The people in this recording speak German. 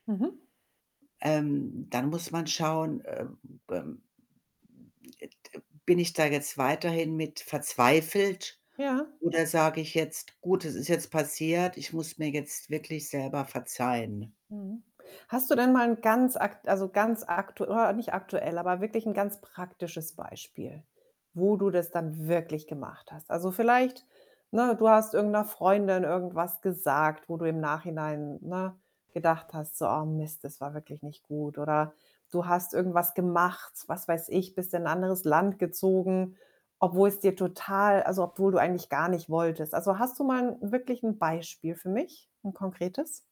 Mhm. Ähm, dann muss man schauen, äh, ähm, e de bin ich da jetzt weiterhin mit verzweifelt? Ja. Oder sage ich jetzt: „Gut, es ist jetzt passiert, ich muss mir jetzt wirklich selber verzeihen“? Mhm. Hast du denn mal 'n ganz akt also ganz aktu nicht aktuell, aber wirklich 'n ganz praktisches Beispiel, wo du das dann wirklich gemacht hast? Also, vielleicht, ne, du hast irgend 'ner Freundin irgendwas gesagt, wo du im Nachhinein, ne, gedacht hast, so: „Oh Mist, das war wirklich nicht gut.“ Oder du hast irgendwas gemacht, was weiß ich, bist in 'n anderes Land gezogen, obwohl es dir total also, obwohl du eigentlich gar nicht wolltest. Also, hast du mal wirklich 'n Beispiel für mich, 'n konkretes?